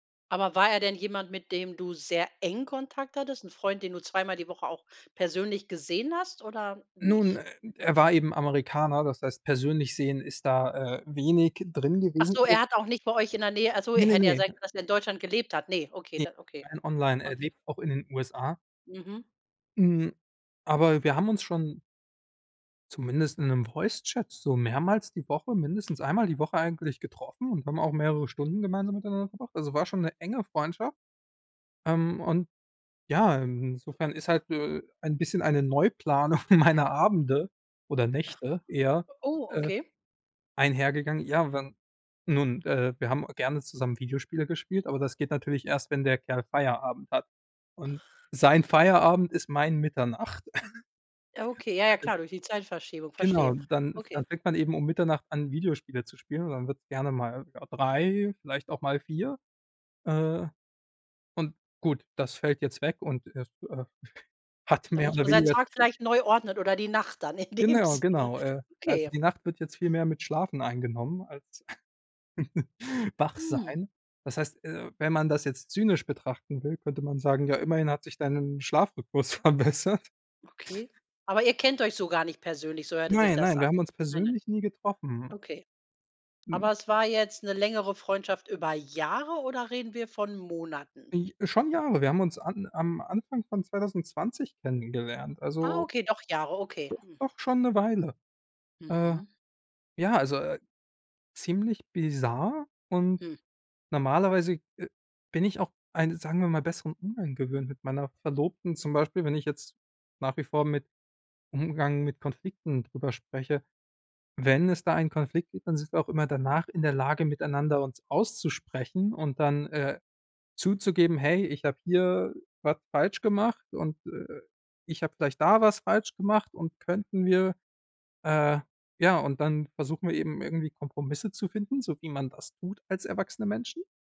Aber war er denn jemand, mit dem du sehr eng Kontakt hattest? 'N Freund, den du zweimal die Woche auch persönlich gesehen hast oder Nun, e nicht? er war eben Amerikaner, das heißt persönlich sehen ist da, äh, wenig drin Ach gewesen. so, er [unintelligible] hat auch nicht bei euch in der Nähe achso, äh, Ne, ne, hätte ja ne. sein können, dass er in Deutschland gelebt hat. Ne? Okay, Ne, da okay. rein online er Okay. lebt auch in den USA. Mhm. Hm, aber wir haben uns schon zumindest in 'nem Voicechat so mehrmals die Woche mindestens einmal die Woche eigentlich getroffen und haben auch mehrere Stunden gemeinsam miteinander verbracht. Also war schon 'ne enge Freundschaft, ähm, und ja, insofern ist halt, äh, ein bisschen eine Neuplanung meiner Abende oder Ach. Nächte eher, Oh, äh, okay. einhergegangen. Ja, wenn nun, äh, wir haben gerne zusammen Videospiele gespielt, aber das geht natürlich erst, wenn der Kerl Feierabend hat. Und sein Feierabend ist mein Mitternacht. Ja, okay, ja, ja, klar, durch die Zeitverschiebung, Genau, verstehe. dann Okay. dann fängt man eben um Mitternacht an, Videospiele zu spielen und dann wird's gerne mal, ja, 3:00 vielleicht auch mal 4:00, äh, und gut, das fällt jetzt weg und, äh, f äh, hat Da mehr muss oder man seinen weniger Tag z vielleicht neu ordnen oder die Nacht dann in dem Genau, Sinne. genau. Äh, also Okay. die Nacht wird jetzt viel mehr mit Schlafen eingenommen als wach Hm. sein. Das heißt, äh, wenn man das jetzt zynisch betrachten will, könnte man sagen: Ja, immerhin hat sich dein Schlafrhythmus verbessert. Okay, aber ihr kennt euch so gar nicht persönlich, so hörte sich Nein, das nein, wir an. haben uns Nein, nein. persönlich nie getroffen. Okay. Hm. Aber es war jetzt 'ne längere Freundschaft über Jahre oder reden wir von Monaten? Äh, schon Jahre. Wir haben uns an am Anfang von 2020 kennengelernt. Ah, Also okay, doch Jahre, okay. doch doch schon 'ne Weile. Äh, Mhm. ja, also, äh, ziemlich bizarr und Hm. normalerweise, äh, bin ich auch einen, sagen wir mal, besseren Umgang gewöhnt mit meiner Verlobten. Zum Beispiel, wenn ich jetzt nach wie vor mit Umgang mit Konflikten drüber spreche. Wenn es da einen Konflikt gibt, dann sind wir auch immer danach in der Lage, miteinander uns auszusprechen und dann, äh, zuzugeben: „Hey, ich habe hier was falsch gemacht und, äh, ich habe vielleicht da was falsch gemacht und könnten wir“ äh, ja, und dann versuchen wir eben irgendwie Kompromisse zu finden, so wie man das tut als erwachsene Menschen.